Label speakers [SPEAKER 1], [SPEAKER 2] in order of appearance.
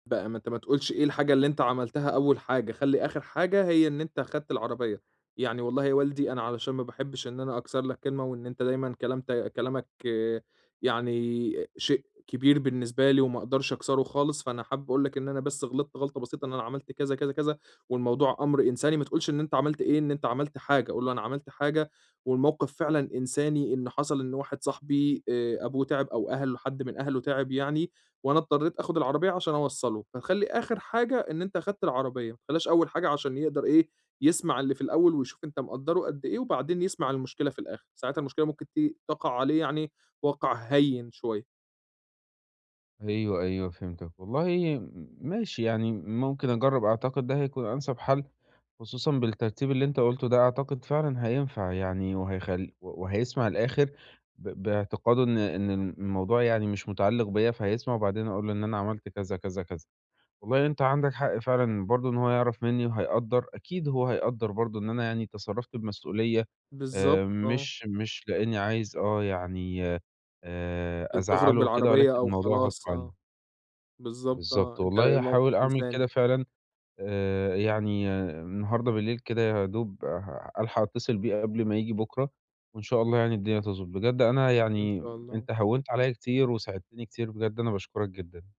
[SPEAKER 1] بقى ما أنت ما تقولش إيه الحاجة اللي أنت عملتها أول حاجة، خلِّ آخِر حاجة هي إن أنت خدت العربية. يعني والله يا والدي أنا علشان ما باحبّش إن أنا أكسر لك كلمة وإن أنت دايمًا كلام ت كلامك يعني شيء كبير بالنسبة لي وما أقدرش أكسره خالص، فأنا حابب أقول لك إن أنا بس غلطت غلطة بسيطة إن أنا عملت كذا، كذا، كذا والموضوع أمْر إنساني ما تقولش إن أنت عملت إيه، إن أنت عملت حاجة. قُل له أنا عملت حاجة والموقِف فعلًا إنساني إن حصل إن واحد صاحبي آآ أبوه تِعَِب أو أهل حد من أهله تِعِب يعني وأنا اضطريت آخُد العربية عشان أوصّله، فتخلّي آخِر حاجة إن أنت أخدت العربية، ما تخلّيهاش أول حاجة عشان يقدر إيه، يسمع اللي في الأول ويشوف أنت مقدّره قد إيه وبعدين يسمع المشكلة في الآخِر. ساعتها المشكلة ممكن ت تَقَع عليه يعني وَقْع هيِّن شوية.
[SPEAKER 2] أيوه أيوه، فهمتك. والله م ماشي يعني ممكن أجرّب أعتقد ده هيكون أنسب حَل، خصوصًا بالترتيب اللي أنت قُلته ده، أعتقد فعلًا هينفع يعني وهيخل و وهيسمع الآخِر ب باعتقاد إن إن الم الموضوع يعني مش متعلّق بيّا فهيسمع وبعدين أقول له إن أنا عملت كذا، كذا، كذا وبعدين أنت عندك حق فعلًا برضه إن هو يعرف منّي وهيقدّر. أكيد هو هيقدّر برضه إن أنا يعني تصرّفت بمسؤولية
[SPEAKER 1] بالضبط
[SPEAKER 2] آآ
[SPEAKER 1] آه.
[SPEAKER 2] مش مش لإنّي عايز آه، يعني آآ
[SPEAKER 1] ت تخرُج
[SPEAKER 2] أزعّله وكده
[SPEAKER 1] بالعربية
[SPEAKER 2] ولكن
[SPEAKER 1] أو
[SPEAKER 2] الموضوع غصب
[SPEAKER 1] خلاص آه.
[SPEAKER 2] عنّي.
[SPEAKER 1] بالضبط
[SPEAKER 2] بالضبط.
[SPEAKER 1] آه. أنت
[SPEAKER 2] والله
[SPEAKER 1] الموقِف
[SPEAKER 2] هاحاول أعمل
[SPEAKER 1] إنساني.
[SPEAKER 2] كده فعلًا. آآ يعني النهارده بالليل كده يا دوب ه هالحق اتّصل بيه قبل ما ييجي بُكرة وإن شاء الله يعني الدنيا تضبُط. بجد أنا
[SPEAKER 1] إن
[SPEAKER 2] يعني
[SPEAKER 1] شاء الله.
[SPEAKER 2] أنت هوِّنت عليّا كتير وساعدتني كتير بجد أنا باشكُرك جدًا.